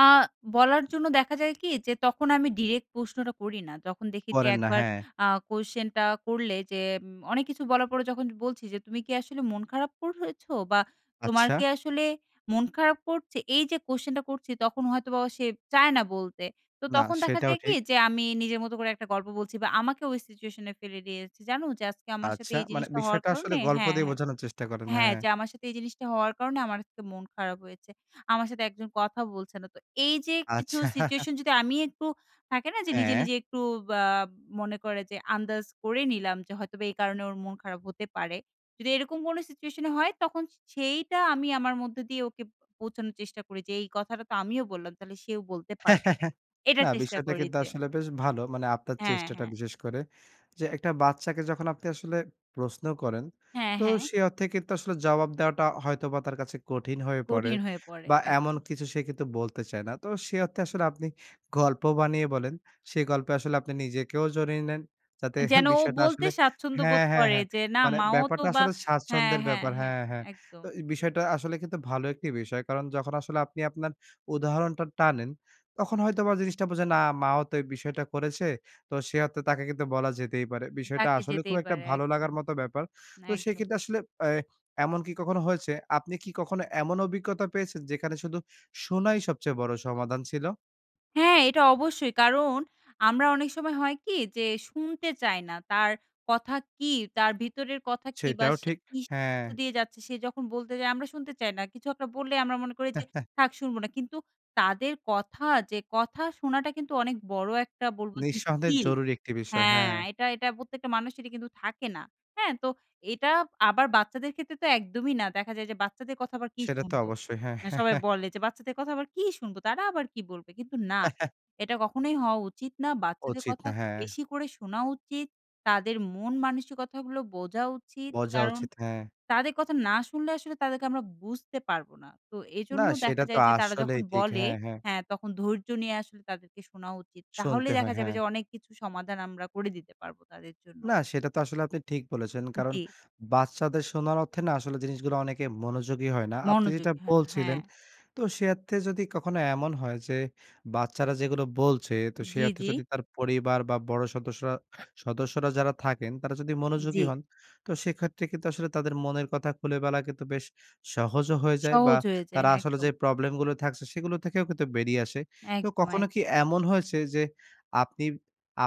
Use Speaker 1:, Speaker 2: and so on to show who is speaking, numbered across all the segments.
Speaker 1: আ বলার জন্য দেখা যায় কি যে তখন আমি ডিরেক্ট প্রশ্নটা করি না। যখন দেখি যে
Speaker 2: করেন না,
Speaker 1: একবার
Speaker 2: হ্যাঁ।
Speaker 1: আ কোয়েশেন্টা করলে যে উম অনেক কিছু বলার পরে যখন বলছি যে, "তুমি কি আসলে মন খারাপ কর হয়েছ? বা, তোমার
Speaker 2: আচ্ছা।
Speaker 1: কি আসলে মন খারাপ করছে?" এইযে কোয়েশেন্টা করছি, তখন হয়তোবা সে চায় না বলতে। তো
Speaker 2: না
Speaker 1: তখন দেখা
Speaker 2: সেটাও
Speaker 1: যায় কি
Speaker 2: ঠিক।
Speaker 1: যে আমি নিজের মতো করে একটা গল্প বলছি বা আমাকে ওই সিচুয়েশনে ফেলে দিয়েছি। "জানো যে আজকে আমার সাথে
Speaker 2: আচ্ছা।
Speaker 1: এই
Speaker 2: মানে
Speaker 1: জিনিসটা হওয়ার
Speaker 2: বিষয়টা আসলে
Speaker 1: কারণে"
Speaker 2: গল্প
Speaker 1: হ্যাঁ,
Speaker 2: দিয়ে
Speaker 1: হ্যাঁ।
Speaker 2: বোঝানোর চেষ্টা করেন,
Speaker 1: হ্যাঁ
Speaker 2: হ্যাঁ।
Speaker 1: যে, "আমার সাথে এই জিনিসটা হওয়ার কারণে আমার আজকে মন খারাপ হয়েছে। আমার সাথে একজন কথা বলছে না।" তো এইযে কিছু
Speaker 2: আচ্ছা।
Speaker 1: সিচুয়েশন যদি আমি একটু থাকে না? যে নিজে,
Speaker 2: হ্যাঁ।
Speaker 1: নিজে একটু বা মনে করে যে আন্দাজ করে নিলাম যে হয়তোবা এই কারণে ওর মন খারাপ হতে পারে। যদি এরকম কোন সিচুয়েশনে হয়, তখন সে সেইটা আমি আমার মধ্যে দিয়ে ওকে ব বোঝানোর চেষ্টা করি যে, "এই কথাটা তো আমিও বললাম। তাহলে সেও বলতে পারবে।" এটা
Speaker 2: না
Speaker 1: চেষ্টা
Speaker 2: বিষয়টা
Speaker 1: করি
Speaker 2: কিন্তু
Speaker 1: যে
Speaker 2: আসলে বেশ ভালো। মানে আপনার
Speaker 1: হ্যাঁ,
Speaker 2: চেষ্টাটা
Speaker 1: হ্যাঁ।
Speaker 2: বিশেষ করে। যে একটা বাচ্চাকে যখন আপনি আসলে প্রশ্ন করেন।
Speaker 1: হ্যাঁ,
Speaker 2: তো
Speaker 1: হ্যাঁ।
Speaker 2: সে অর্থে কিন্তু আসলে জবাব দেওয়াটা হয়তোবা তার কাছে কঠিন হয়ে পড়ে
Speaker 1: কঠিন হয়ে পড়ে।
Speaker 2: বা, এমন
Speaker 1: একদম।
Speaker 2: কিছু সে কিন্তু বলতে চায় না। তো সে অর্থে আসলে আপনি গল্প বানিয়ে বলেন। সে গল্পে আসলে আপনি নিজেকেও জড়িয়ে নেন। যাতে
Speaker 1: যেন ও
Speaker 2: বিষয়টা
Speaker 1: বলতে
Speaker 2: আসলে
Speaker 1: স্বাচ্ছন্দ্য বোধ
Speaker 2: হ্যাঁ, হ্যাঁ,
Speaker 1: করে
Speaker 2: হ্যাঁ।
Speaker 1: যে না
Speaker 2: মানে
Speaker 1: মাও তো
Speaker 2: ব্যাপারটা
Speaker 1: বা
Speaker 2: আসলে
Speaker 1: হ্যাঁ,
Speaker 2: স্বাচ্ছন্দের
Speaker 1: হ্যাঁ,
Speaker 2: ব্যাপার
Speaker 1: হ্যাঁ,
Speaker 2: হ্যাঁ, হ্যাঁ। ত
Speaker 1: একদম।
Speaker 2: এ বিষয়টা আসলে কিন্তু ভালো একটি বিষয়। কারণ যখন আসলে আপনি আপনার উদাহরণটা টানেন, তখন হয়তোবা জিনিসটা বোঝে না, মাও তো এই বিষয়টা করেছে। তো সে অর্থে তাকে কিন্তু বলা যেতেই পারে। বিষয়টা
Speaker 1: তাকে
Speaker 2: আসলে খুব
Speaker 1: যেতেই
Speaker 2: একটা
Speaker 1: পারে
Speaker 2: ভালো
Speaker 1: একদম।
Speaker 2: লাগার মত ব্যাপার।
Speaker 1: না,
Speaker 2: তো
Speaker 1: একদম।
Speaker 2: সেক্ষেত্রে আসলে এ এমনকি কখনো হয়েছে আপনি কি কখনো এমন অভিজ্ঞতা পেয়েছেন যেখানে শুধু শোনাই সবচেয়ে বড় সমাধান ছিল?
Speaker 1: হ্যাঁ, এটা অবশ্যই। কারণ, আমরা অনেক সময় হয় কি? যে শুনতে চাই না তার কথা কি? তার ভিতরের কথা কি? বা
Speaker 2: সেটাও
Speaker 1: সে
Speaker 2: ঠিক।
Speaker 1: কিসে
Speaker 2: হ্যাঁ।
Speaker 1: মধ্য দিয়ে যাচ্ছে? সে যখন বলতে চায়, আমরা শুনতে চাই না। কিছু একটা বললে আমরা মনে করি যে, "থাক শুনবো না।" কিন্তু তাদের কথা যে কথা শোনাটা কিন্তু অনেক বড় একটা বলবো যে,
Speaker 2: নিঃসন্দেহে
Speaker 1: স্কিল।
Speaker 2: জরুরি একটি বিষয়,
Speaker 1: হ্যাঁ,
Speaker 2: হ্যাঁ।
Speaker 1: এটা এটা প্রত্যেকটা মানুষের কিন্তু থাকে না। হ্যাঁ তো এটা আবার বাচ্চাদের ক্ষেত্রে তো একদমই না দেখা যায় যে বাচ্চাদের কথা আবার কি
Speaker 2: সেটা তো
Speaker 1: শুনবো?
Speaker 2: অবশ্যই। হ্যাঁ।
Speaker 1: এ সবাই বলে যে, "বাচ্চাদের কথা আবার কি শুনবো? তারা আবার কি বলবে?" কিন্তু না, এটা কখনোই হওয়া উচিত না। বাচ্চাদের
Speaker 2: উচিত
Speaker 1: কথা
Speaker 2: না। হ্যাঁ।
Speaker 1: বেশি করে শোনা উচিত। তাদের মন মানসিকতাগুলো বোঝা উচিত।
Speaker 2: বোঝা
Speaker 1: কারণ
Speaker 2: উচিত। হ্যাঁ।
Speaker 1: তাদের কথা না শুনলে আসলে তাদেরকে আমরা বুঝতে পারব না। তো
Speaker 2: না
Speaker 1: এজন্য দেখা
Speaker 2: সেটা তো
Speaker 1: যায় যে তারা
Speaker 2: আসলেই
Speaker 1: যখন
Speaker 2: ঠিক।
Speaker 1: বলে
Speaker 2: হ্যাঁ, হ্যাঁ।
Speaker 1: হ্যাঁ তখন ধৈর্য নিয়ে আসলে তাদেরকে শোনা উচিত।
Speaker 2: শুনতে
Speaker 1: তাহলেই
Speaker 2: হয়।
Speaker 1: দেখা যাবে
Speaker 2: হ্যাঁ।
Speaker 1: যে অনেক কিছু সমাধান আমরা করে দিতে পারবো তাদের জন্য।
Speaker 2: না সেটা তো আসলে আপনি ঠিক বলেছেন। কারণ
Speaker 1: জি।
Speaker 2: বাচ্চাদের শোনার অর্থে না আসলে জিনিসগুলো অনেকে মনোযোগী হয় না। আপনি যেটা
Speaker 1: মনোযোগী হন
Speaker 2: বলছিলেন,
Speaker 1: হ্যাঁ।
Speaker 2: তো সে অর্থে যদি কখনো এমন হয় যে বাচ্চারা যেগুলো বলছে তো সে
Speaker 1: জি,
Speaker 2: অর্থে
Speaker 1: জি।
Speaker 2: যদি তার পরিবার বা বড় সদস্যরা সদস্যরা যারা থাকেন তারা যদি মনোযোগী
Speaker 1: জি।
Speaker 2: হন, তো সেক্ষেত্রে কিন্তু আসলে তাদের মনের কথা খুলে বলা কিন্তু বেশ সহজও হয়ে যায় বা
Speaker 1: সহজ হয়ে যায়।
Speaker 2: তারা আসলে
Speaker 1: একদম।
Speaker 2: যে প্রবলেমগুলো থাকছে, সেগুলো থেকেও কিন্তু বেরিয়ে আসে? তো
Speaker 1: একদম,
Speaker 2: কখনো
Speaker 1: একদ
Speaker 2: কি এমন হয়েছে, যে আপনি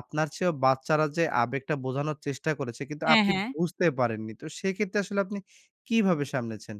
Speaker 2: আপনার চেয়েও বাচ্চারা যে আবেগটা বোঝানোর চেষ্টা করেছে, কিন্তু
Speaker 1: হ্যাঁ,
Speaker 2: আপনি
Speaker 1: হ্যাঁ।
Speaker 2: বুঝতে পারেননি? তো সেইক্ষেত্রে আসলে আপনি কিভাবে সামলেছেন?